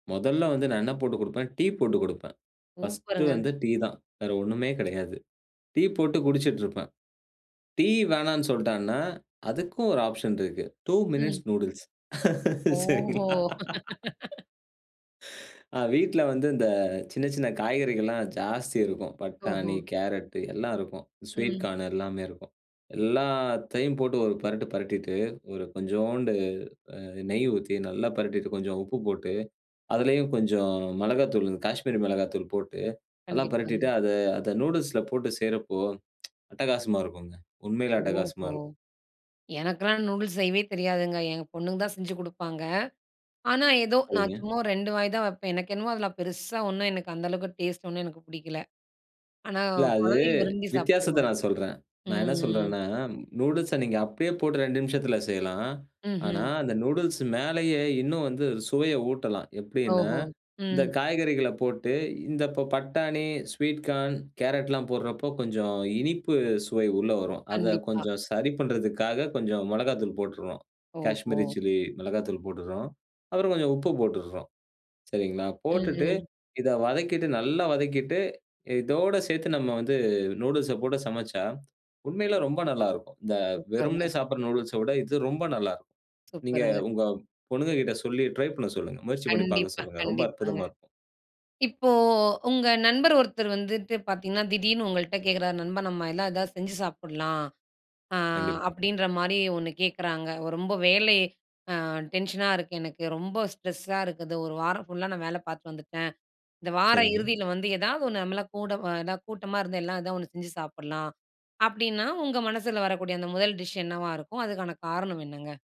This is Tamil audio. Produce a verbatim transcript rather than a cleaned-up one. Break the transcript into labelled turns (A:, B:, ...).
A: மொதல்ல வந்து நான் என்ன போட்டுக் குடுப்பேன். டீ போட்டு குடுப்பேன். பர்ஸ்ட்
B: சூப்பருங்க!
A: வந்து டீ தான். வேற ஒண்ணுமே கெடையாது. டீ போட்டு குடிச்சிட்டுருப்பேன். டீ வேணான்னு சொல்ட்டான்னா, அதுக்கும் ஒரு ஆப்ஷன் இருக்கு. டு
B: ம்.
A: மினிட்ஸ் நூடில்ஸ்
B: ஓஹோ!
A: சரிங்களா ஆ, வீட்ல வந்து இந்த சின்ன சின்ன காய்கறிகள்லாம் ஜாஸ்தி இருக்கும்.
B: ஓஹோ.
A: பட்டாணி, கேரட்டு எல்லா இருக்கும். ஸ்வீட்
B: ம்.
A: கார்னு எல்லாமே இருக்கும். எல்லாத்தையும் போட்டு ஒரு பெரட்டு, பெரட்டிட்டு ஒரு கொஞ்சோண்டு அ நெய் ஊத்தி நல்லா பெரட்டிட்டு, கொஞ்சம் உப்பு போட்டு அதிலேயும் கொஞ்சம் மிளகாத்தூளு, காஷ்மீரி மிளகாத்தூள் போட்டு நல்லா பெரட்டிட்டு,
B: கண்டிப்பாங்க.
A: அத அத நூடில்ஸ்ல போட்டு செய்றப்போ அட்டகாசமா இருக்கும்ங்க. உண்மையிலே அட்டகாசமா
B: ஓஹோ!
A: இருக்கும்.
B: எனக்கெல்லாம் நூடுல்ஸ் செய்யவே தெரியாதுங்க. எங்க பொண்ணுங்க தான் செஞ்சு குடுப்பாங்க. ஆனா, ஏதோ நான்
A: சரிங்க.
B: சும்மா ரெண்டு வாய் தான் வெப்பேன். எனக்கு என்னமோ அதில பெருசா ஒண்ணும், எனக்கு அந்த அளவுக்கு டேஸ்ட் ஒண்ணும் எனக்கு புடிக்கல. ஆனா,
A: இல்ல, அது
B: குழந்தைங்க விரும்பி
A: வித்தியாசத்த
B: சாப்பிடுவாங்க.
A: நான் சொல்றேன். நான் என்ன
B: ம்
A: சொல்றேன்னா, நூடுல்ஸ நீங்க அப்டியே போட்டு ரெண்டு நிமிஷத்தில செய்யலாம். ஆனா,
B: ம்ஹ்ம்.
A: அந்த நூடுல்ஸ் மேலயே இன்னும் வந்து சுவைய ஊட்டலாம், எப்டின்னா,
B: ஓஹோ!
A: இந்த
B: ம்.
A: காய்கறிகள போட்டு இந்த இப்ப பட்டாணி, ஸ்வீட் கார்ன், கேரட்லாம் போடுறப்போ கொஞ்சம் இனிப்பு சுவை உள்ள வரும். அத
B: கண்டிப்பா.
A: கொஞ்சம் சரி பண்றதுக்காக கொஞ்சம் மொளகாத்தூள் போட்டுற்றோம்.
B: ஓஹோ!
A: காஷ்மீரி சில்லி மிளகாய்த்தூள் போட்டுற்றோம். அப்புறம் கொஞ்சம் உப்பு போட்டுற்றோம். சரிங்களா,
B: ம்,
A: போட்டுட்டு
B: ம்.
A: இத வதக்கிட்டு நல்லா வதக்கிட்டு இதோட சேர்த்து நம்ம வந்து நூடில்ஸ்ஸ போட்டு சமச்சா உண்மையிலே ரொம்ப நல்லா இருக்கும். இந்த
B: சூப்பருங்க.
A: வெறுமனே சாப்பிடுற நூடில்ஸ்ஸ விட இது ரொம்ப நல்லா இருக்கும். நீங்க
B: சூப்பருங்க.
A: உங்க பொண்ணுங்ககிட்ட சொல்லி ட்ரை பண்ண சொல்லுங்க. முயற்சி பண்ணி பார்க்க
B: கண்டிப்பா,
A: சொல்லுங்க. ரொம்ப
B: கண்டிப்பாங்க.
A: அற்புதமா இருக்கும்.
B: இப்போ உங்க நண்பர் ஒருத்தர் வந்துட்டு பார்த்தீங்கன்னா, திடீர்னு உங்கள்ட்ட கேட்குறார் நண்பா நம்ம எல்லாம் ஏதாவது செஞ்சு சாப்பலாம். ஆ
A: கண்டிப்
B: அப்டின்ற மாரி ஒண்ணு கேட்குறாங்க. ரொம்ப வேலை ஆ டென்ஷனா இருக்கு எனக்கு ரொம்ப ஸ்ட்ரெஸ் ஸா இருக்குது. ஒரு வாரம் ஃபுல்லா நான் வேல பார்த்துட்டு வந்துட்டேன். இந்த வார
A: சரிங்க.
B: இறுதியில வந்து ஏதாவது ஒண்ணு, நம்மலாம் கூட எதாவது கூட்டமா இருந்து, எல்லாம் ஏதாவது ஒண்ணு செஞ்சு சாப்பிடலாம். அப்டின்னா, உங்க மனசுல வரக்கூடிய அந்த முதல் டிஷ் என்னவா இருக்கும்? அதுக்கான காரணம் என்னங்க?